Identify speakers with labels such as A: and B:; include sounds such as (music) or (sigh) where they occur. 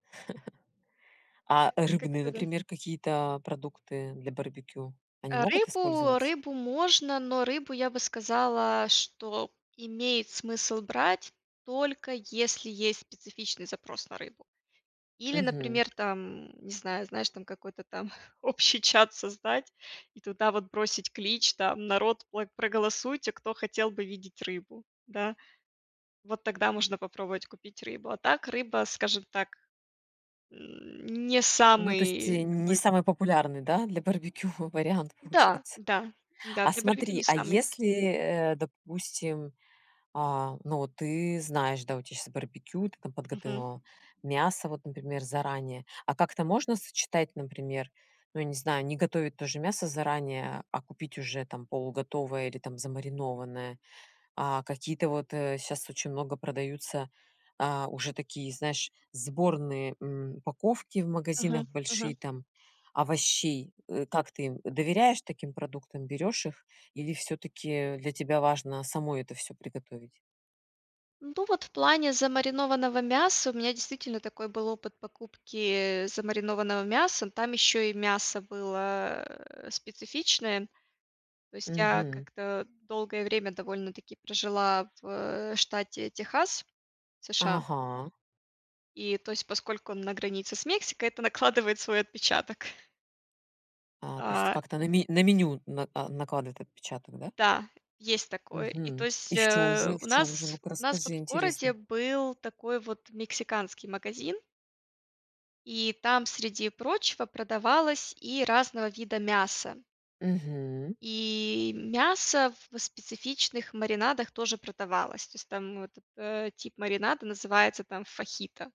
A: (laughs) А
B: Это
A: рыбные,
B: как-то даж
A: например, какие-то, а, продукты для барбекю, они
B: Э,
A: могут
B: рыбу
A: использоваться?
B: рыбу можно, но рыбу, я бы сказала, что имеет смысл брать, только если есть специфичный запрос на рыбу. Или,
A: Мгм.
B: например, там, не знаю, знаешь, там, какой-то там общий чат создать и туда вот бросить клич, там: "Народ, пло проголосуйте, кто хотел бы видеть рыбу". Да? Вот тогда можно попробовать купить рыбу. А так рыба, скажем так, не
A: Ну, то есть, э,
B: самый
A: н не
B: такой
A: самый популярный, да, для барбекю вариант,
B: Да,
A: получается.
B: да, да,
A: А
B: для барбекю не
A: смотри, а
B: самый
A: если, э, допустим, а, ну, вот, ты знаешь, да, у тебя щас барбекю, ты там
B: Мгм.
A: подготовила мясо, вот, например, заранее. А как-то можно сочетать, например, ну, я не знаю, не готовить тоже мясо заранее, а купить уже там полуготовое или там замаринованное? А, какие-то вот, э, щас очень много продаются, э, уже такие, знаешь, сборные, м, упаковки в
B: Мгм,
A: магазинах
B: мгм.
A: большие там овощей, э, как ты им доверяешь таким продуктам, берёшь их, или всё-таки для тебя важно самой это всё приготовить?
B: Ну, вот в плане замаринованного мяса у меня действительно такой был опыт покупки, э, замаринованного мяса. Но там еще и мясо было, э, специфичное. То есть я
A: Мгм.
B: как-то долгое время довольно-таки прожила в, э, штате Техас, США
A: Ага.
B: и, то есть, поскольку он на границе с Мексикой, это накладывает свой отпечаток.
A: А, то есть это
B: А
A: как-то на ме на меню на а, накладывает отпечаток, да?
B: Да, есть такое, и то
A: Мгм.
B: есть,
A: И в чём
B: э,
A: же, в
B: у
A: чём же?
B: нас
A: Ну-ка,
B: у нас вот
A: расскажи,
B: в городе
A: интересно.
B: был такой вот мексиканский магазин и там, среди прочего, продавалось и разного вида мясо.
A: Мгм.
B: И мясо в в специфичных маринадах тоже продавалось. То есть там вот этот тип маринада называется там фахито.